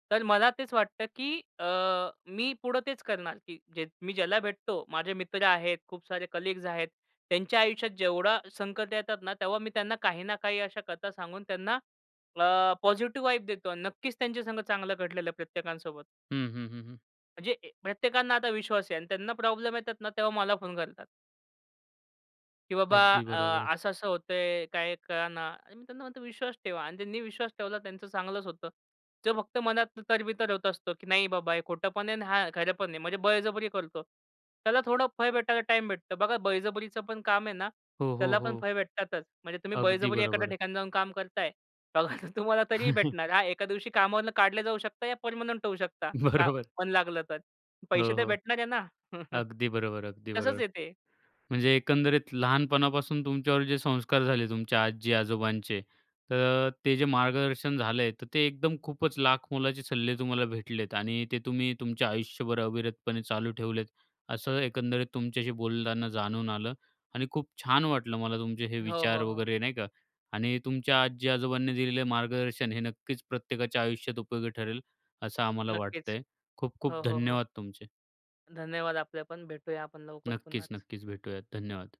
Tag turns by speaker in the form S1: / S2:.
S1: तर मला तेच वाटतं, की अ, मी पुढे तेच करणार, की जे मी ज्याला भेटतो माझे मित्र आहेत, खूप सारे कलीग्स आहेत. त्यांच्या आयुष्यात जेवढा संकट येतात ना तेव्हा मी त्यांना काही ना काही अशा कथा सांगून त्यांना अ, पॉझिटिव्ह वाइब देतो. नक्कीच त्यांचे संगत चांगलं घडलेलं प्रत्येकांसोबत.
S2: हं, हं, हं, हं.
S1: म्हणजे अ, प्रत्येकांना आता विश्वास आहे आणि त्यांना प्रॉब्लेम येतात ना तेव्हा मला फोन करतात. की बाबा
S2: अगदी बरोबर.
S1: अ, अस असं होत आहे, काही कळेना. आणि मी त्यांना म्हणतो विश्वास ठेवा आणि त्यांनी विश्वास ठेवला त्यांचं चांगलंच होतं. जो फक्त मनात तरबितर होत असतं, की नाही बाबा हे खोटं पण आहे आणि हा खरं पण आहे म्हणजे बळजबरी करतो. त्याला थोडं फळ भेटायला टाईम भेटतो. बघा बळजबरीचं पण काम आहे ना,
S2: हो, हो,
S1: त्याला पण
S2: हो.
S1: फळ भेटतातच. म्हणजे तुम्ही
S2: अगदी
S1: बळजबरी एखाद्या
S2: बरोबर.
S1: ठिकाणी जाऊन काम करताय. बघा तुम्हाला तरीही भेटणार. हा, एका दिवशी कामावरून काढले जाऊ शकता या परमनंट होऊ शकता का?
S2: बरोबर.
S1: मन लागलं तर पैसे
S2: हो,
S1: तर
S2: हो.
S1: भेटणार आहे ना.
S2: अगदी बरोबर, अगदी
S1: तसंच
S2: बरोबर.
S1: आहे ते.
S2: म्हणजे एकंदरीत लहानपणापासून तुमच्यावर जे संस्कार झाले तुमच्या आजी-आजोबांचे तर ते जे मार्गदर्शन झालं आहे तर ते एकदम खूपच लाखमोलाचे सल्ले तुम्हाला भेटलेत. आणि ते तुम्ही तुमच्या आयुष्यभर अविरतपणे चालू ठेवलेत. असं एकंदरीत तुमच्याशी बोलताना जाणून आलं. आणि खूप छान वाटलं मला तुमचे हे
S1: हो,
S2: विचार
S1: हो, हो.
S2: वगैरे नाही का? आणि तुमच्या आजी-आजोबांनी दिलेलं मार्गदर्शन हे नक्कीच प्रत्येकाच्या आयुष्यात उपयोगी ठरेल. असं आम्हाला
S1: नक्कीच.
S2: वाटतंय. खूप-खूप
S1: हो, हो, हो.
S2: धन्यवाद तुमचे!
S1: धन्यवाद! आपल्या पण. भेटूया आपण लवकर
S2: नक्कीच,
S1: पुन्हाच.
S2: नक्कीच भेटूयात. धन्यवाद!